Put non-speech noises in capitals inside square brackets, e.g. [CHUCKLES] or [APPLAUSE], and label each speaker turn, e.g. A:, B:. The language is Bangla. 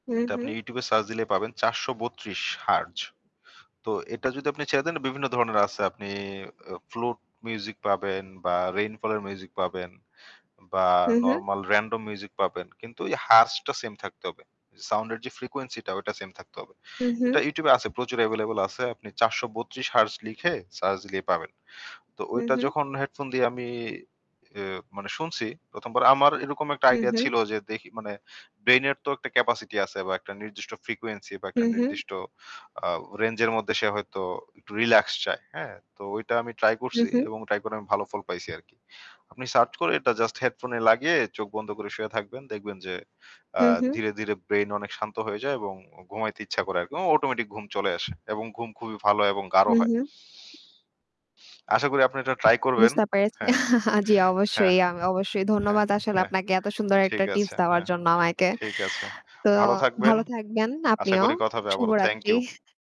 A: হুম,
B: এটা আপনি
A: হুম।
B: YouTube এ search দিলেই পাবেন। ৪৩২ hertz. তো এটা যদি আপনি ছেড়ে দেন বিভিন্ন ধরনের আছে আপনি এয়ো flute music পাবেন বা rainfall এর মিউজিক পাবেন বা
A: হু, হু।
B: normal random music পাবেন। কিন্তু ওই hertz টা same থাকতে হবে। সাউন্ড এর যে frequency টা ওইটা same থাকতে হবে।
A: হু, হু।
B: এটা YouTube এ আছে। প্রচুর available আছে। আপনি ৪৩২ heartz লিখে search দিলেই পাবেন। তো
A: হু,
B: ঐটা
A: হু।
B: যখন হেডফোন দিয়ে আমি এ মানে শুনছি ১ম বার আমার এরকম একটা
A: হু,
B: আইডিয়া
A: হু।
B: ছিল যে দেখি মানে ব্রেইনের তো একটা capacity আছে বা একটা নির্দিষ্ট frequency বা
A: হু,
B: একটা
A: হু।
B: নির্দিষ্ট আ range এর মধ্যে সে হয়তো একটু relax চায়। হ্যাঁ? তো ঐটা আমি ট্রাই
A: হু,
B: করছি
A: হু।
B: এবং ট্রাই করে আমি ভালো ফল পাইছি আরকি। আপনি search করে এটা জাস্ট হেডফোনে লাগিয়ে চোখ বন্ধ করে শুয়ে থাকবেন। দেখবেন যে আ
A: হুম, হুম।
B: ধীরে, ধীরে ব্রেইন অনেক শান্ত হয়ে যায় এবং উ ঘুমাইতে ইচ্ছা করে আরকি। এবং Automatic ঘুম চলে আসে। এবং ঘুম খুবই ভালো এবং গাঢ়
A: হুম,
B: হয়।
A: হুম।
B: আশা করি আপনি এটা ট্রাই করবেন।
A: বুঝতে পেরেছি।
B: হ্যাঁ,
A: [CHUCKLES] জী,
B: হ্যাঁ,
A: অবশ্যই, আ অবশ্যই।
B: হ্যাঁ,
A: ধন্যবাদ আসলে
B: হ্যাঁ।
A: আপনাকে এত সুন্দর একটা
B: ঠিক
A: টিপস
B: আছে।
A: দেওয়ার
B: হ্যাঁ।
A: জন্য আমাকে।
B: ঠিক আছে।
A: তো
B: ভালো থাকবেন।
A: ভালো থাকবেন
B: আশা
A: আপনিও।
B: করি কথা হবে আবারো। Thank you.
A: শুভরাত্রি।